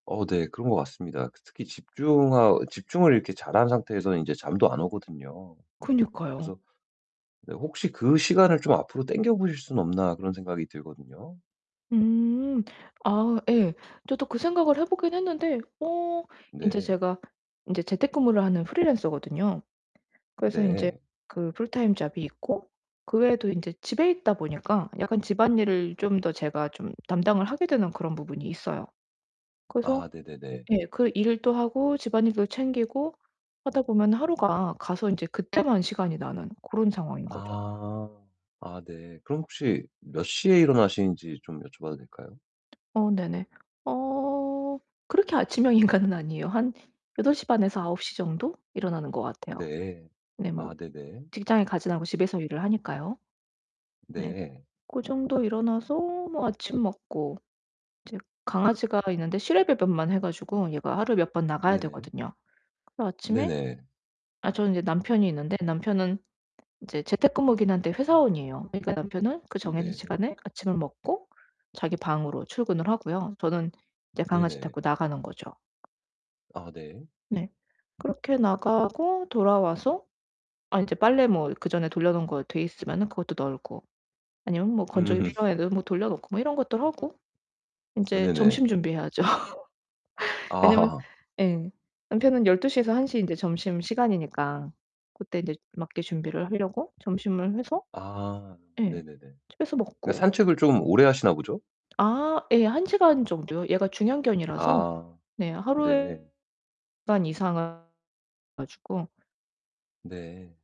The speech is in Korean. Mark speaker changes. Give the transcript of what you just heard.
Speaker 1: 어 네 그런 것 같습니다. 그 특히 집중하 집중을 이렇게 잘한 상태에서는 인제 잠도 안 오거든요.
Speaker 2: 그니까요.
Speaker 1: 그래서 네 혹시 '그 시간을 좀 앞으로 당겨 보실 수는 없나?' 그런 생각이 들거든요.
Speaker 2: 음. 아 예. 저도 그 생각을 해 보기는 했는데 어 인제
Speaker 1: 네.
Speaker 2: 제가 인제 재택근무를 하는 프리랜서거든요. 그래서 인제
Speaker 1: 네.
Speaker 2: 그 풀타임 잡이 있고 그 외에도 인제 집에 있다 보니까 약간 집안일을 좀 더 제가 좀 담당을 하게 되는 그런 부분이 있어요. 그래서
Speaker 1: 아 네네네.
Speaker 2: 예. 그 일도 하고 집안일도 챙기고 하다 보면 하루가 가서 인제 그때만 시간이 나는 그런 상황인 거죠.
Speaker 1: 아. 아 네. 그럼 혹시 몇 시에 일어나시는지 좀 여쭤봐도 될까요?
Speaker 2: 어 네네. 어 그렇게 아침형 인간은 아니에요. 한 8:30 에서 9:00 정도 일어나는 것 같아요.
Speaker 1: 네.
Speaker 2: 네
Speaker 1: 아
Speaker 2: 뭐
Speaker 1: 네네.
Speaker 2: 직장에 가지는 않고 집에서 일을 하니까요. 네.
Speaker 1: 네.
Speaker 2: 고 정도 일어나서 뭐 아침 먹고 이제 강아지가 있는데 실외 배변만 해 가지고 얘가 하루에 몇 번 나가야
Speaker 1: 네네.
Speaker 2: 되거든요. 그 아침에
Speaker 1: 네네.
Speaker 2: 아 저는 인제 남편이 있는데 남편은 인제 재택근무이기는 한데 회사원이에요. 그러니까 남편은 그 정해진
Speaker 1: 네.
Speaker 2: 시간에 아침을 먹고 자기 방으로 출근을 하고요 저는 인제 강아지
Speaker 1: 네네.
Speaker 2: 데리고 나가는 거죠.
Speaker 1: 아 네.
Speaker 2: 네. 그렇게 나가고 돌아와서 아 인제 빨래 뭐 그전에 돌려 놓은 거 돼 있으면은 그것도 널고 아니면 뭐 건조기
Speaker 1: 음.
Speaker 2: 필요한 애들은 뭐 돌려 놓고 뭐 이런 것도 하고
Speaker 1: 으
Speaker 2: 인제
Speaker 1: 네네.
Speaker 2: 점심 준비해야죠. 왜냐면
Speaker 1: 아하하.
Speaker 2: 예. 남편은 12:00 에서 1:00 에 인제 점심시간이니까 그때 인제 맞게 준비를 하려고 점심을 해서
Speaker 1: 아
Speaker 2: 예.
Speaker 1: 네네네.
Speaker 2: 집에서
Speaker 1: 예
Speaker 2: 먹고.
Speaker 1: 산책을 좀 오래 하시나 보죠?
Speaker 2: 아 예. 1 시간 정도요. 얘가 중형견이라서
Speaker 1: 아.
Speaker 2: 네.
Speaker 1: 네.
Speaker 2: 하루에 [unintelligible] 시간 이상 [unintelligible] 가지고
Speaker 1: 네.